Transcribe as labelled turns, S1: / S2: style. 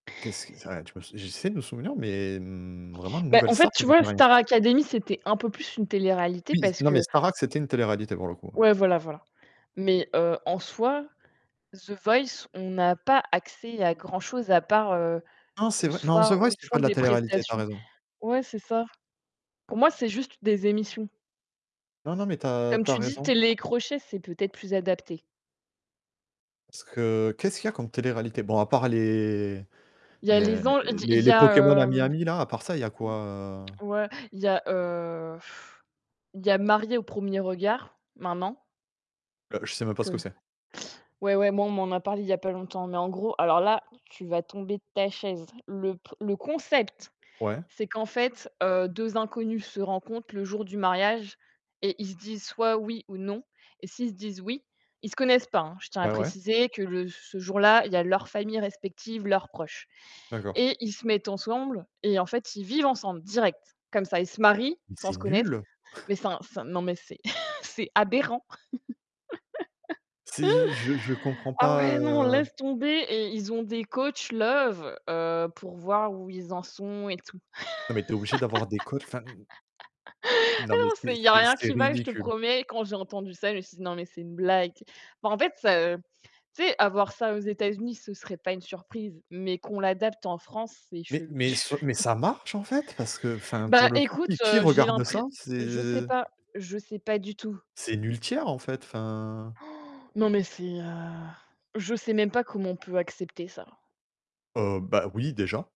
S1: Qu'est-ce que ça, tu peux j'essaie de me souvenir mais n vraiment
S2: Bah
S1: Nouvelle
S2: en fait,
S1: Star, ça
S2: tu
S1: me
S2: vois,
S1: dit rien.
S2: Star Académie, c'était un peu plus une télé-réalité,
S1: Oui, S
S2: parce
S1: non
S2: que
S1: mais Star Academy, c'était une télé-réalité pour le coup, ouais.
S2: ouais, voilà, voilà. Mais heu, en soi, The Voice, on n'a pas accès à grand-chose, à part, heu,
S1: Non c'est
S2: le
S1: vrai non c'est
S2: soir
S1: vrai
S2: où
S1: que
S2: ils
S1: c'était pas
S2: font
S1: de la
S2: des
S1: télé-réalité, tu as
S2: prestations,
S1: raison.
S2: ouais, c'est ça. Pour moi, c'est juste des émissions.
S1: Non, non mais tu as
S2: Comme
S1: tu as
S2: tu dis,
S1: raison.
S2: télé-crochet, c'est peut-être plus adapté.
S1: Est-ce que qu'est-ce qu'il y a comme télé-réalité? Bon à part les
S2: Il y a
S1: les
S2: Les An il y a
S1: les
S2: il y
S1: les
S2: a,
S1: Pokémon à
S2: heu,
S1: Miami là, à part ça, il y a quoi? Heu
S2: ouais, il y a, heu, il y a Mariés au premier regard, maintenant.
S1: Heu, je sais même pas ce
S2: Parce
S1: que
S2: que
S1: c'est.
S2: ouais, ouais, moi, on m'en a parlé il y a pas longtemps mais en gros alors là, tu vas tomber de ta chaise. Le p le concept,
S1: Ouais.
S2: c'est qu'en fait, heu, 2 inconnus se rencontrent le jour du mariage et ils se disent soit oui ou non, et s'ils se disent, oui ils se connaissent pas, hein. Je tiens à
S1: Ouais, ouais.
S2: préciser que le ce jour-là, il y a leur famille respective, leurs proches.
S1: D'accord.
S2: Et ils se mettent ensemble et en fait, ils vivent ensemble direct. Comme ça, ils se marient
S1: Mais
S2: sans
S1: c'est
S2: se connaître,
S1: nul!
S2: mais c'est un c'est un non mais c'est c'est aberrant.
S1: C'est j je je comprends
S2: Ah
S1: pas,
S2: ouais, non,
S1: heu
S2: laisse tomber et ils ont des coachs love, heu, pour voir où ils en sont et tout.
S1: Non mais tu es obligé d'avoir des codes, enfin, n n
S2: Ah
S1: non mais
S2: non,
S1: c'est
S2: c'est il y a
S1: c'est
S2: rien
S1: c'est
S2: qui va, je te
S1: ridicule.
S2: promets. Quand j'ai entendu ça, je me suis dit: «Non, mais c'est une blague», tu sais. Bah en fait, heu, tu sais, avoir ça aux États-Unis, ce serait pas une surprise mais qu'on l'adapte en France, c'est
S1: Mais
S2: chelou.
S1: mais
S2: Tu
S1: ce mais
S2: vois?
S1: ça marche en fait? Parce que, enfin,
S2: Bah
S1: pour le coup
S2: écoute,
S1: qui qui
S2: heu, j'ai
S1: regarde
S2: l'impré
S1: ça?
S2: je sais
S1: C'est
S2: pas, je sais pas du tout.
S1: c'est [unintelligible] en fait, enfin
S2: Non mais c'est, heu, je sais même pas comment on peut accepter ça.
S1: Heu, bah oui, déjà.